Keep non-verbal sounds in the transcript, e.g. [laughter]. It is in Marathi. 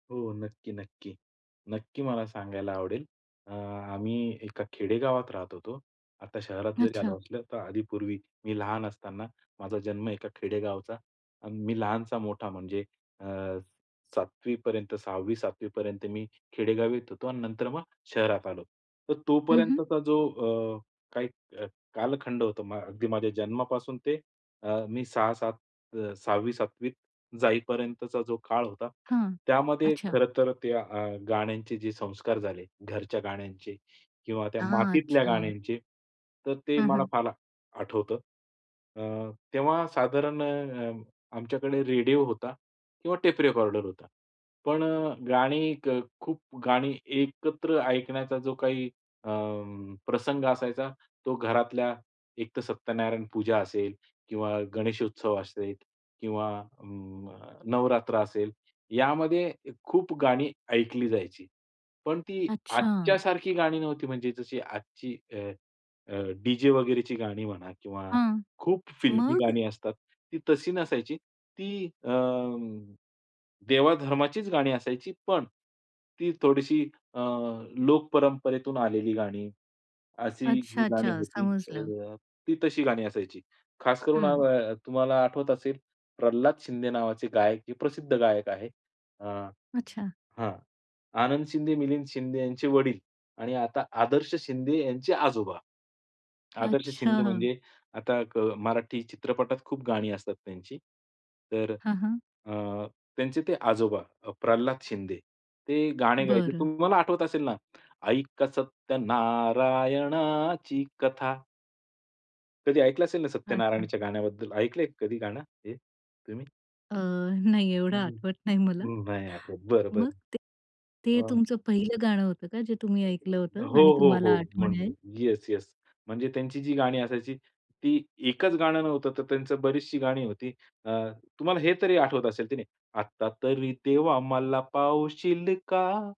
हो, नक्की, नक्की, नक्की. मला सांगायला आवडेल. अ, आम्ही एका खेडेगावात राहत होतो, आता शहरात जरी अच्छा. आलो असलो तर आधी, पूर्वी मी लहान असताना माझा जन्म एका खेडेगावचा आणि मी लहानचा मोठा म्हणजे अ, 7वी पर्यंत, 6वी-7वी पर्यंत मी खेडेगावीत होतो आणि नंतर मग शहरात आलो. तर हं, हं. तोपर्यंतचा जो अ, काही अ, कालखंड होता म अगदी माझ्या जन्मापासून ते अ, मी 6-7 अ, 6वी-7वी त जाईपर्यंतचा जो काळ होता हां, त्यामध्ये अच्छा. खरं तर त्या अ, गाण्यांचे जे संस्कार झाले, घरच्या गाण्यांचे किंवा त्या हां, मातीतल्या अच्छा. गाण्यांचे, तर ते हं, मला हं. फार आठवतं. अं, तेव्हा साधारण अ, अ, आमच्याकडे रेडिओ होता किंवा टेप रेकॉर्डर होता. पण अ, गाणी खूप गाणी एकत्र ऐकण्याचा जो काही अ, प्रसंग असायचा तो घरातल्या एकतर सत्यनारायण पूजा असेल किंवा गणेशोत्सव असेल किंवा अ, नवरात्र असेल यामध्ये खूप गाणी ऐकली जायची. पण ती अच्छा. आजच्यासारखी गाणी नव्हती म्हणजे जशी आजची अ, डी-जे वगैरेची गाणी म्हणा किंवा हां, खूप फिल्मी मग? गाणी असतात. ती तशी नसायची. ती अ, देवाधर्माचीच गाणी असायची पण ती थोडीशी अ, लोकपरंपरेतून आलेली गाणी, अशी अच्छा, गाणी अच्छा, होती. समजलं. ती तशी गाणी असायची. खास करून हं. अ, तुम्हाला आठवत असेल प्रल्हाद शिंदे नावाचे गायक हे प्रसिद्ध गायक आहेत. अ अच्छा. हां, आनंद शिंदे, मिलिंद शिंदे यांचे वडील आणि आता आदर्श शिंदे यांचे आजोबा. आदर्श शिंदे अच्छा. [chuckles] म्हणजे आता क मराठी चित्रपटात खूप गाणी असतात त्यांची. तर हां, हां. अ, त्यांचे ते आजोबा प्रल्हाद शिंदे, ते गाणं गायचे. बरं. तुम्हाला आठवत असेल ना, "ऐका सत्यनारायणाची कथा" कधी ऐकलं असेल ना, अच्छा. सत्यनारायणच्या गाण्याबद्दल. ऐकलंय कधी गाणं हे तुम्ही? अ, नाही, एवढं हं, आठवत नाही मला. नाही आठवत, बरं, मग बरं. ते ते अ तुमचं पहिलं गाणं होतं का जे तुम्ही ऐकलं [unintelligible] होतं हो, आणि हो, हो, तुम्हाला म्हण आठवण आहे. Yes, yes. म्हणजे त्यांची जी गाणी असायची ती एकच गाणं नव्हतं तर त्यांची बरीचशी गाणी होती. अ, तुम्हाला हे तरी आठवत असेल की नाही. आता तरी देवा मला पावशील का?